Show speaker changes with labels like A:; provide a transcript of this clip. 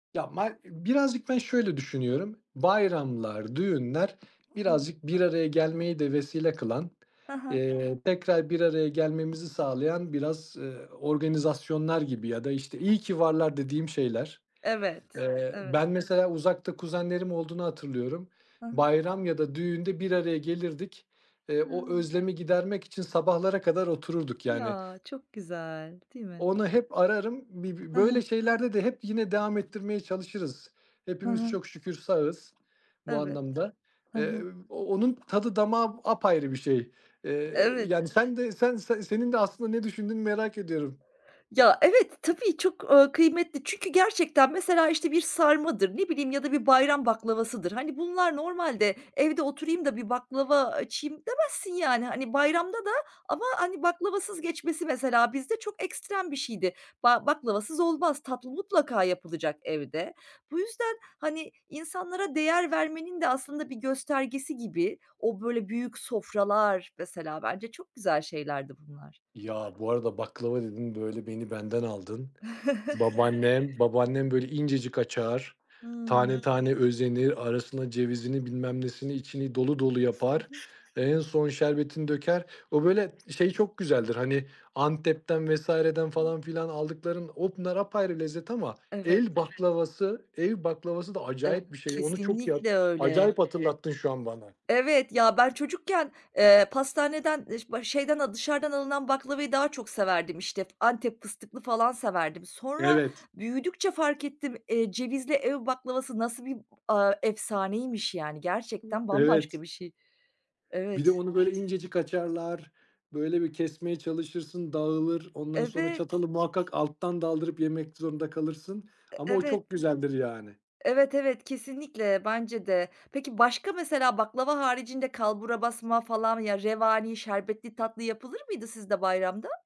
A: Ya, mar ı birazcık ben şöyle düşünüyorum, bayramlar, düğünler
B: Hıh.
A: birazcık bir araya gelmeyi de vesile kılan,
B: Hı hı.
A: eee, tekrar bir araya gelmemizi sağlayan biraz, eee, organizasyonlar gibi ya da işte, iyi ki varlar dediğim şeyler.
B: Evet,
A: Eee,
B: evet.
A: ben, mesela, uzakta kuzenlerim olduğunu hatırlıyorum,
B: Hı hı.
A: bayram ya da düğünde bir araya gelirdik, eee, o
B: Hıı.
A: özlemi gidermek için sabahlara kadar otururduk, yani.
B: Ya! Çok güzel, değil mi?
A: Onu hep ararım, bir b
B: Hı hı.
A: böyle şeylerde de hep yine devam ettirmeye çalışırız.
B: Hı
A: Hepimiz
B: hı.
A: çok şükür sağız bu
B: Evet.
A: anlamda.
B: Hı
A: Eee,
B: hı.
A: onun tadı damağı apayrı bir şey. Eee,
B: Evet.
A: yani, sen de sen sen senin de aslında ne düşündüğünü merak ediyorum.
B: Ya evet, tabii çok, ııı, kıymetli. Çünkü gerçekten, mesela, işte, bir sarmadır, ne bileyim ya da bir bayram baklavasıdır. Hani, bunlar normalde "Evde oturayım da bir baklava açayım." demezsin, yani. Hani, bayramda da ama hani, baklavasız geçmesi, mesela, bizde çok ekstrem bir şeydi. Ba baklavasız olmaz. Tatlı mutlaka yapılacak evde. Bu yüzden, hani, insanlara değer vermenin de aslında bir göstergesi gibi o böyle büyük sofralar, mesela, bence çok güzel şeylerdi bunlar.
A: Ya, bu arada baklava dedin, böyle beni benden aldın. Babaannem babaannem böyle incecik açar, tane
B: Hıı.
A: tane özenir, arasına cevizini bilmem nesini içini dolu dolu
B: Hı
A: yapar.
B: hı.
A: Ve en son şerbetini döker. O böyle şey çok güzeldir, hani, Antep'ten vs.'den falan filan aldıkların, onlar apayrı lezzet ama
B: Evet.
A: el baklavası, ev baklavası da
B: E
A: acayip bir şey, onu çok yap
B: kesinlikle öyle.
A: acayip hatırlattın şu an bana.
B: Evet, ya ben çocukken, eee, pastaneden, ııı, ş ba şeyden al dışarıdan alınan baklavayı daha çok severdim, işte, f Antep fıstıklı falan severdim. Sonra
A: Evet.
B: büyüdükçe fark ettim, eee, cevizli ev baklavası nasıl bir, aaa, efsaneymiş, yani? Gerçekten
A: Evet.
B: bambaşka bir şey.
A: Bir de
B: Evet.
A: onu böyle incecik açarlar, böyle bir kesmeye çalışırsın, dağılır, ondan sonra
B: Evet.
A: çatalı muhakkak alttan daldırıp yemek zorunda kalırsın
B: E
A: ama o
B: evet.
A: çok güzeldir, yani.
B: Evet, evet, kesinlikle bence de. Peki başka, mesela, baklava haricinde kalburabasma falan, ya, revani, şerbetli tatlı yapılır mıydı sizde bayramda?